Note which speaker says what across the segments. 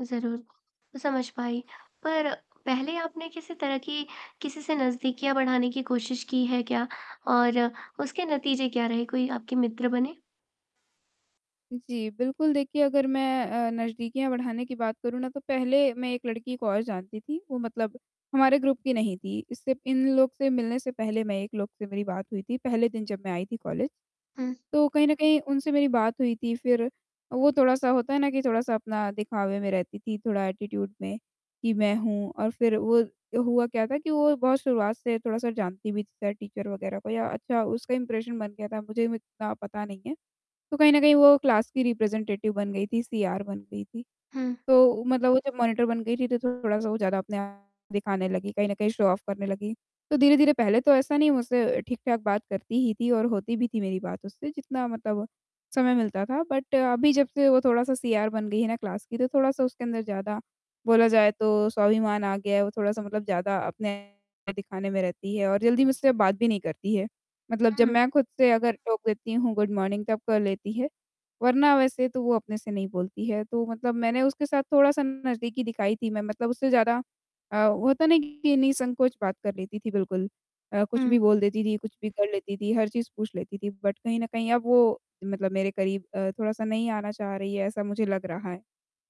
Speaker 1: ज़रूर, समझ पाई, पर पहले आपने किसी तरह की, किसी से नज़दीकियाँ बढ़ाने की कोशिश की है क्या? और उसके नतीजे क्या रहे कोई आपके मित्र बने?
Speaker 2: जी, बिल्कुल, देखिए अगर मैं अ, नज़दीकियाँ बढ़ाने की बात करूँ ना, तो पहले मैं एक लड़की को और जानती थी, वो मतलब हमारे ग्रुप की नहीं थी इससे इन लोग से मिलने से पहले मैं एक लोग से मेरी बात हुई थी, पहले दिन जब मैं आई थी कॉलेज।
Speaker 1: हुँ।
Speaker 2: तो कहीं न कहीं उनसे मेरी बात हुई थी फिर, वो थोड़ा-सा होता है ना कि थोड़ा-सा अपने दिखावे में रहती थी, थोड़ा एटीट्यूड में कि मैं हूँ और फिर वो हुआ क्या था कि वो बहुत शुरुआत से थोड़ा-सा जानती भी थी टीचर वगैरह को या अच्छा उसका इम्प्रेशन बन गया था, मुझे इतना पता नहीं है। तो कहीं न कहीं वो क्लास की रिप्रेज़ेंटेटिव बन गई थी, सीआर बन गई थी,
Speaker 1: हुँ।
Speaker 2: तो मतलब वो जब मॉनिटर बन गई थी तो थोड़ा-सा वो ज़्यादा अपने आप दिखाने लगी, कहीं न कहीं शो ऑफ करने लगी। तो धीरे-धीरे पहले तो ऐसा नहीं, मुझसे ठीक-ठाक बात करती ही थी और होती भी थी मेरी बात उससे, जितना मतलब समय मिलता था बट अभी जब से वो थोड़ा-सा सीआर बन गई है ना क्लास की, तो थोड़ा-सा उसके अंदर ज़्यादा बोला जाए तो स्वाभिमान आ गया है, वो थोड़ा-सा मतलब ज़्यादा अपने दिखाने में रहती है और जल्दी मुझसे बात भी नहीं करती है। मतलब जब
Speaker 1: हुँ।
Speaker 2: मैं खुद से अगर टोक देती हूँ गुड मॉर्निंग तब कर लेती है, वरना वैसे तो वो अपने से नहीं बोलती है, तो मतलब मैंने उसके साथ थोड़ा-सा नज़दीकी दिखाई थी, मैं मतलब उससे ज़्यादा अ, वो होता नहीं कि निःसंकोच बात कर लेती थी बिल्कुल, अ, कुछ
Speaker 1: हुँ।
Speaker 2: भी बोल देती थी, कुछ भी कर लेती थी, हर चीज़ पूछ लेती थी। बट कहीं न कहीं अब वो मतलब मेरे करीब अ, थोड़ा-सा नहीं आना चाह रही है, ऐसा मुझे लग रहा है।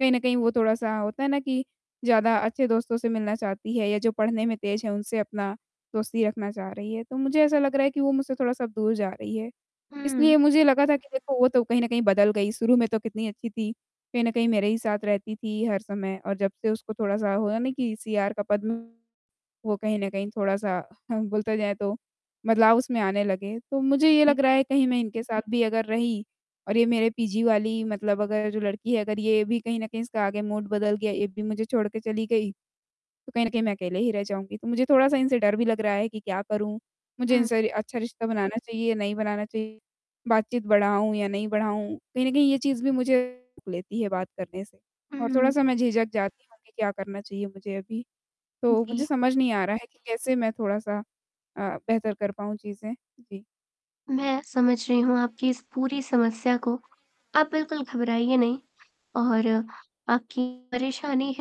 Speaker 2: कहीं न कहीं वो थोड़ा-सा होता है ना कि ज़्यादा अच्छे दोस्तों से मिलना चाहती है या जो पढ़ने में तेज़ है, उनसे अपना दोस्ती रखना चाह रही है, तो मुझे ऐसा लग रहा है कि वो मुझसे थोड़ा-सा दूर जा रही है।
Speaker 1: हुँ।
Speaker 2: इसलिए मुझे लगा था कि देखो वो तो कहीं न कहीं बदल गई, शुरू में तो कितनी अच्छी थी। कहीं न कहीं मेरे ही साथ रहती थी हर समय और जब से उसको थोड़ा-सा हुआ नहीं कि सीआर का पद वो कहीं न कहीं थोड़ा-सा बोलते जाए तो बदलाव उसमें आने लगे। तो मुझे ये
Speaker 1: जी।
Speaker 2: लग रहा है कहीं मैं इनके साथ भी अगर रही और ये मेरे पीजी वाली मतलब अगर जो लड़की है, अगर ये भी कहीं न कहीं इसका आगे मूड बदल गया, ये भी मुझे छोड़ के चली गई, तो कहीं न कहीं मैं अकेले ही रह जाऊँगी। तो मुझे थोड़ा-सा इनसे डर भी लग रहा है कि क्या करूँ, मुझे
Speaker 1: हुँ।
Speaker 2: इनसे अच्छा रिश्ता बनाना चाहिए या नहीं बनाना चाहिए बातचीत बढ़ाऊँ या नहीं बढ़ाऊँ? कहीं न कहीं ये चीज़ भी मुझे लेती है बात करने से और
Speaker 1: हुँ।
Speaker 2: थोड़ा-सा मैं झिझक जाती हूँ कि क्या करना चाहिए मुझे अभी। तो
Speaker 1: जी।
Speaker 2: मुझे समझ नहीं आ रहा है कि कैसे मैं थोड़ा-सा अ, बेहतर कर पाऊँ चीज़ें। जी।
Speaker 1: मैं, समझ रही हूँ आपकी इस पूरी समस्या को, आप बिल्कुल घबराइए नहीं और आपकी परेशानी है